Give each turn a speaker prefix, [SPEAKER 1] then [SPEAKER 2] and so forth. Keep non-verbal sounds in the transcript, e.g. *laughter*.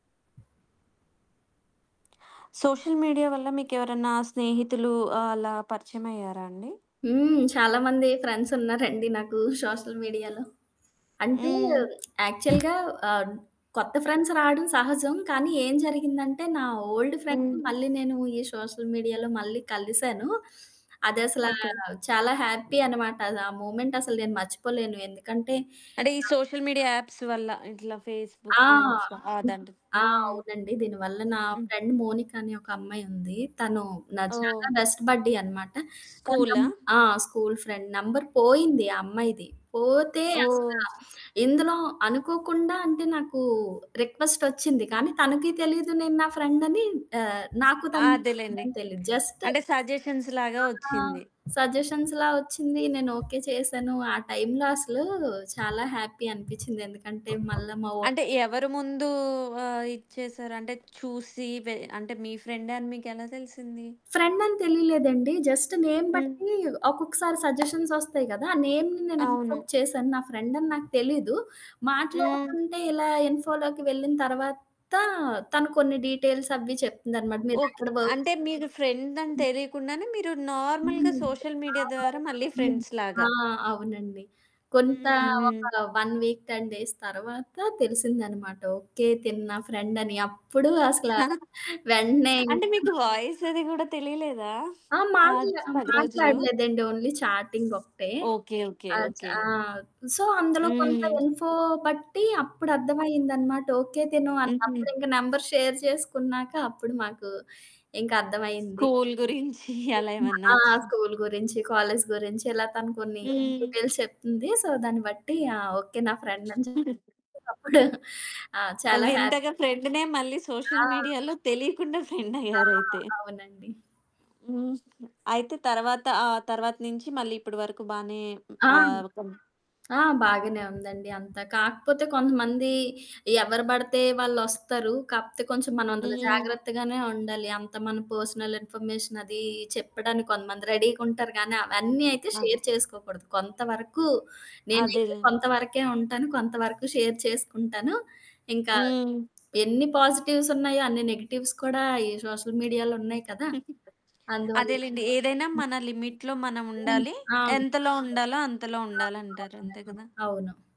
[SPEAKER 1] *smacks lips* Social media వల్ల మీకెవరన్నా స్నేహితులు ఆహ్, అలా పరిచయమయ్యారా అండి?
[SPEAKER 2] హ్మ్. చాలామంది ఫ్రెండ్సున్నారండి నాకు సోషల్ మీడియాలో. అంటే
[SPEAKER 1] హ్మ్.
[SPEAKER 2] యాక్చువల్‌‌గా ఆహ్, కొత్త ఫ్రెండ్స్ రావడం సహజం. కానీ ఏం జరిగిందంటే నా ఓల్డ్ ఫ్రెండ్‌ని
[SPEAKER 1] హ్మ్.
[SPEAKER 2] మళ్ళీ నేను ఈ సోషల్ మీడియాలో మళ్ళీ కలిసాను. అదసలా
[SPEAKER 1] ఓకే.
[SPEAKER 2] చాలా హ్యాపీ అనమాట. ఆ మూవ్మెంటసలు నేను మర్చిపోలేను. ఎందుకంటే
[SPEAKER 1] అంటే ఈ
[SPEAKER 2] నా
[SPEAKER 1] సోషల్ మీడియా యాప్స్ వల్ల ఇట్లా
[SPEAKER 2] ఆ!
[SPEAKER 1] ఫేస్బుక్ ఇన్స్ అదండ్
[SPEAKER 2] ఆ!
[SPEAKER 1] హ్మ్.
[SPEAKER 2] అవునండి. దీనివల్ల నా
[SPEAKER 1] హ్మ్.
[SPEAKER 2] ఫ్రెండ్ మోనిక అనే ఒక అమ్మాయుంది. తను నా చాలా
[SPEAKER 1] ఓహ్!
[SPEAKER 2] బెస్ట్ బడ్డీ అనమాట. తన నం
[SPEAKER 1] స్కూలా?
[SPEAKER 2] ఆ! School friend. నంబర్ పోయింది ఆ అమ్మాయిది. పోతే అసల
[SPEAKER 1] ఓహ్!
[SPEAKER 2] ఇందులో అనుకోకుండా అంటే నాకు రిక్వెస్టొచ్చింది. కానీ తనకీ తెలీదు నేను నా ఫ్రెండని ఆహ్, నాకు
[SPEAKER 1] ఆ!
[SPEAKER 2] తన
[SPEAKER 1] అదేలెండి.
[SPEAKER 2] ఫ్రెండని తెలీదు. జస్ట్
[SPEAKER 1] అంటే సజెషన్స్‌లాగా
[SPEAKER 2] ఆ!
[SPEAKER 1] వచ్చింది.
[SPEAKER 2] సజెషన్స్‌లా వచ్చింది. నేను ఓకే చేశాను.
[SPEAKER 1] హ్మ్.
[SPEAKER 2] ఆ టైంలో అసలు చాలా హ్యాపీ అనిపిచ్చింది. ఎందుకంటే మళ్ళా మావో
[SPEAKER 1] అంటే ఎవరు ముందు ఆహ్, ఇచ్చేసారు? అంటే చూసి వె అంటే మీ ఫ్రెండని మీకెలా తెలిసింది?
[SPEAKER 2] ఫ్రెండని తెలియలేదండి. జస్ట్ నేమ్
[SPEAKER 1] హ్మ్.
[SPEAKER 2] బట్టి ఒక్కొక్కసారి సజెషన్సొస్తాయి గదా! నేమ్‌ని నేను
[SPEAKER 1] అవును.
[SPEAKER 2] యాక్సెప్ట్ చేశాను. నా ఫ్రెండని నాకు తెలీదు.
[SPEAKER 1] హ్మ్.
[SPEAKER 2] మాట్లాడకుంటే ఇలా ఇన్ఫోలోకి వెళ్ళిన తర్వాత తను కొన్ని డీటెయిల్స్ అవి చెప్తుందనమాట.
[SPEAKER 1] ఓకే.
[SPEAKER 2] మీరెక్కడ వర్క్
[SPEAKER 1] అంటే మీరు ఫ్రెండని
[SPEAKER 2] *unintelligible*
[SPEAKER 1] తెలియకుండానే మీరు నార్మల్‌‌గా
[SPEAKER 2] హ్మ్.
[SPEAKER 1] సోషల్
[SPEAKER 2] ఆ!
[SPEAKER 1] మీడియా ద్వారా
[SPEAKER 2] *unintelligible*
[SPEAKER 1] మళ్ళీ
[SPEAKER 2] హ్మ్. ఆ!
[SPEAKER 1] ఫ్రెండ్స్‌లాగా.
[SPEAKER 2] అవునండి. కొంతా
[SPEAKER 1] హ్మ్. హుహు.
[SPEAKER 2] ఒక 1 వీక్, 10 డేస్ తర్వాత తెలిసిందనమాట. ఓకే. తిను నా ఫ్రెండని. అప్పుడు అసల
[SPEAKER 1] *giggles*
[SPEAKER 2] వెంటనే
[SPEAKER 1] అంటే
[SPEAKER 2] ఇంకా
[SPEAKER 1] మీకు వాయిస్ అది గూడా తెలియలేదా?
[SPEAKER 2] ఆ!
[SPEAKER 1] ఆ
[SPEAKER 2] మాట్లా
[SPEAKER 1] 10 రోజులు.
[SPEAKER 2] మాట్లాడలేదండి. ఓన్లీ చాటింగొకటే.
[SPEAKER 1] ఓకే. ఓకే.
[SPEAKER 2] ఆ చ్
[SPEAKER 1] ఓకే.
[SPEAKER 2] ఆ! సో అందులో కొంత
[SPEAKER 1] హ్మ్.
[SPEAKER 2] ఇన్ఫో బట్టి అప్పుడర్థమయిందన్నమాట. ఓకే. తిను అన్
[SPEAKER 1] హుహు.
[SPEAKER 2] అప్పుడింక నంబర్ షేర్ చేసుకున్నాక అప్పుడు మాకు ఇంకర్థమైంది.
[SPEAKER 1] స్కూలు గురించి *giggles* అలా
[SPEAKER 2] *unintelligible*
[SPEAKER 1] ఏమన్నా
[SPEAKER 2] ఆ!
[SPEAKER 1] వచ్చి
[SPEAKER 2] స్కూలు గురించి, కాలేజి గురించి ఇలా తను కొన్ని
[SPEAKER 1] హ్మ్.
[SPEAKER 2] డీటెయిల్స్ చెప్పింది. సో, దాన్ని బట్టి ఆ! ఓకే. నా ఫ్రెండని
[SPEAKER 1] *chuckles*
[SPEAKER 2] చెప్పేసి అప్పుడు. *chuckles* ఆ! చాలా హ్యా
[SPEAKER 1] వింతగా ఫ్రెండ్‌నే మళ్ళీ సోషల్
[SPEAKER 2] ఆ!
[SPEAKER 1] మీడియాలో తెలీకుండా
[SPEAKER 2] ఆ!
[SPEAKER 1] ఫెండయ్యారైతే.
[SPEAKER 2] అవునండి.
[SPEAKER 1] హ్మ్. అయితే తర్వాత ఆ తర్వాత నుంచి మళ్ళీ ఇప్పడి వరకు బానే
[SPEAKER 2] ఆ!
[SPEAKER 1] ఆహ్, ఒక
[SPEAKER 2] ఆ! బాగానే ఉందండి అంతా. కాకపోతే కొంతమంది ఎవరు పడితే వాళ్ళొస్తారు. కాకపోతే కొంచెం మనం అందులో
[SPEAKER 1] హ్మ్.
[SPEAKER 2] జాగ్రత్తగానే ఉండాలి. అంత మన పర్సనల్ ఇన్ఫర్మేషన్ అది చెప్పడానికి కొంతమంది రెడీగుంటారు గానీ అవన్నీ అయితే
[SPEAKER 1] ఆ!
[SPEAKER 2] షేర్ చేసుకోకూడదు. కొంతవరకు నేనైతే
[SPEAKER 1] అదేలె.
[SPEAKER 2] కొంతవరకే ఉంటాను. కొంతవరకు షేర్ చేసుకుంటాను. ఇంకా
[SPEAKER 1] హ్మ్.
[SPEAKER 2] ఎన్ని పాజిటివ్సున్నాయో అన్ని నెగెటివ్స్ కూడా ఈ సోషల్ మీడియాలో ఉన్నాయి కదా!
[SPEAKER 1] *giggles*
[SPEAKER 2] అందువల్ల
[SPEAKER 1] అదేలెండి. ఏదైనా
[SPEAKER 2] హ్మ్.
[SPEAKER 1] మన లిమిట్‌లో మనం
[SPEAKER 2] హ్మ్.
[SPEAKER 1] ఉండాలి.
[SPEAKER 2] ఆ!
[SPEAKER 1] ఎంతలో ఉండాలో అంతలో
[SPEAKER 2] ఆ!
[SPEAKER 1] ఉండాలంటారు. అంతే
[SPEAKER 2] అవునండి.
[SPEAKER 1] గదా!
[SPEAKER 2] అవును.